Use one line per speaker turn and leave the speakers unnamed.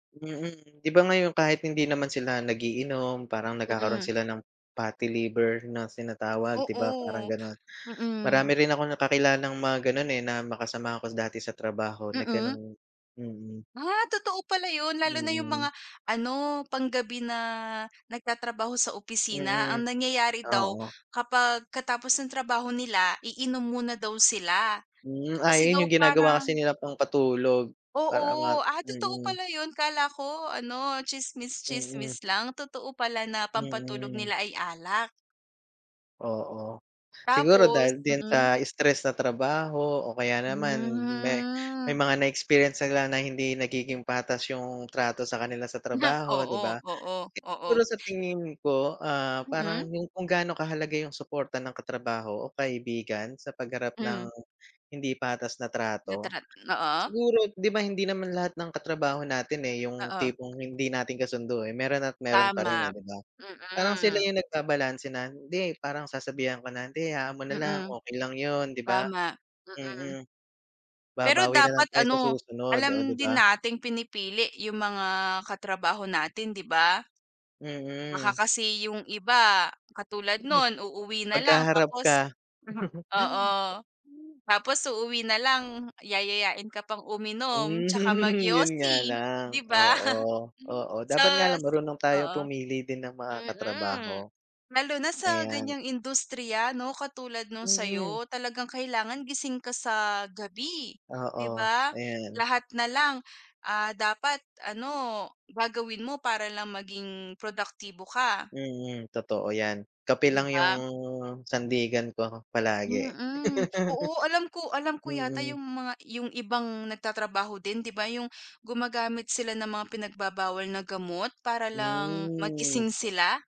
Mm di ba ngayon kahit hindi naman sila nag-iinom parang nagkakaroon
Mm.
sila ng fatty liver na tinatawag, 'di ba parang
Oo,
ganun. Marami
mm.
rin akong kakilalang mga ganon eh, na mga kasamahan ko dati sa trabaho na
Mm.
ganun, mm.
Ah totoo pala yun? Lalo na yung
Mm.
mga ano panggabi na nagtatrabaho sa opisina.
Mm,
Ang nangyayari daw
oo.
kapag katapos ng trabaho nila iinom muna daw sila.
Hmm, ah,
Kasi
yun
daw
yung ginagawa kasi
parang
nila pangpatulog para ma
Oo, ah, totoo
mm.
pala yun? Akala ko ano tsismis
Mm.
tsismis lang totoo pala na pampatulog
Mm.
nila ay alak.
Oo. Siguro
Tapos
dahil din
mm.
sa stress sa trabaho. O kaya naman may
Hmm.
may mga na-experience silang na hindi nagiging patas yung trato sa kanila sa trabaho, 'di
Oo,
ba?
oo, oo.
Siguro sa tingin ko? Ah, parang
Mm.
yung kung gaano kahalaga yung suporta ng katrabaho o kaibigan sa pagharap ng
Hmm.
hindi patas na trato.
Natural, oo.
Siguro 'di ba hindi naman lahat ng katrabaho natin eh, yung
Oo.
tipong hindi natin kasundo eh meron at meron pa rin eh
Tama.
di ba? Parang sila
Mm.
yung nag babalanse na hindi parang sasabihan ko na hindi hayaan mo na lang
Mm
okey lang yun, 'di ba?
tama, mm.
Mm.
Pero
babawi
dapat
nalang tayo sa
ano,
susunod, oh
alam
'di
din
ba?
nating pinipili yung mga katrabaho natin, 'di ba? Baka
Mm.
kasi yung iba katulad nun uuwi na lang
Pagkaharap ka.
tapos mhm. Oo. Tapos uuwi nalang yayayain ka pang uminom tsaka
Hmm, yun nga
magyosi,
lang
'di ba?
oo, oo dapat nga lang
Sus,
marunong tayo
oo.
pumili din ng mga
Mm,
katrabaho.
lalo na sa
Ayan.
ganyang industriya no katulad nung
Mm.
sa'yo. Talagang kailangan gising ka sa gabi, 'di
Oo
ba?
ayan.
Lahat nalang ah, dapat ano gagawin mo para lang maging produktibo ka.
Mm totoo yan. Kape
'Di
lang yung
ba?
sandigan ko palagi.
Mm. Oo alam ko alam ko yata
Mm.
yung mga yung ibang nagtatrabaho din, 'di ba yung gumagamit sila ng mga pinagbabawal na gamot para lang
Hmm.
magising sila?